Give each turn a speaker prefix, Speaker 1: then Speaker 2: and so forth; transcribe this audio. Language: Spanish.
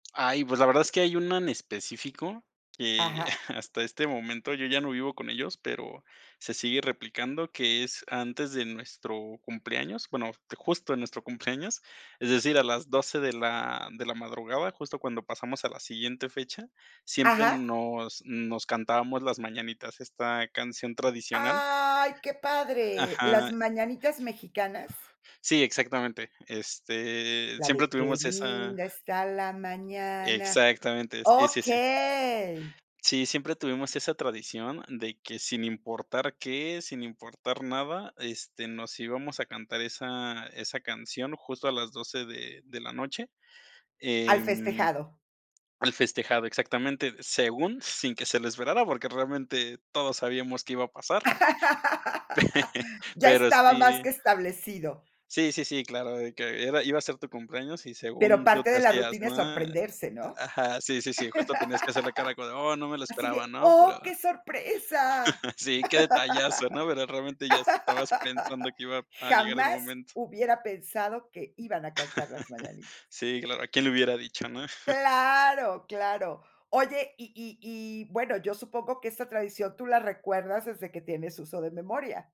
Speaker 1: Ay, pues, la verdad es que hay una en específico, que
Speaker 2: Ajá.
Speaker 1: hasta este momento, yo ya no vivo con ellos, pero se sigue replicando, que es, antes de nuestro cumpleaños, bueno, justo en nuestro cumpleaños, es decir, a las 12 de la de la madrugada, justo cuando pasamos a la siguiente fecha, siempre
Speaker 2: Ajá.
Speaker 1: nos nos cantábamos las mañanitas, esta canción tradicional.
Speaker 2: ¡Ay!, qué padre. Las
Speaker 1: Ajá.
Speaker 2: mañanitas mexicanas.
Speaker 1: Sí, exactamente. Este,
Speaker 2: La
Speaker 1: siempre
Speaker 2: de: "Qué
Speaker 1: tuvimos esa
Speaker 2: linda está la mañana".
Speaker 1: Exactamente, sí, sí, sí.
Speaker 2: Okey.
Speaker 1: Sí, siempre tuvimos esa tradición de que, sin importar qué, sin importar nada, este, nos íbamos a cantar esa esa canción justo a las 12 de de la noche.
Speaker 2: ¿Al
Speaker 1: Em
Speaker 2: festejado?
Speaker 1: al festejado, exactamente, según, sin que se la esperara, porque realmente todos sabíamos qué iba a pasar.
Speaker 2: Ya
Speaker 1: Pero
Speaker 2: estaba más
Speaker 1: sí
Speaker 2: que establecido.
Speaker 1: Sí, sí, sí, claro, de que era iba a ser tu cumpleaños y
Speaker 2: Pero
Speaker 1: según tú
Speaker 2: parte
Speaker 1: te
Speaker 2: de la
Speaker 1: hacías,
Speaker 2: rutina es
Speaker 1: ma
Speaker 2: sorprenderse, ¿no?
Speaker 1: ajá, sí, sí, justo tenías que hacer la cara como: "Oh, no me lo
Speaker 2: Así
Speaker 1: esperaba",
Speaker 2: de:
Speaker 1: ¿no? Pero
Speaker 2: "¡Oh, qué sorpresa!".
Speaker 1: Sí, qué detallazo, ¿no? Pero realmente ya estabas pensando que iba a llegar el
Speaker 2: Jamás
Speaker 1: momento.
Speaker 2: hubiera pensado que iban a cantar las mañanitas.
Speaker 1: Sí, claro, quién lo hubiera dicho, ¿no?
Speaker 2: Claro, claro. Oye, y y y bueno, yo supongo que esta tradición tú la recuerdas desde que tienes uso de memoria.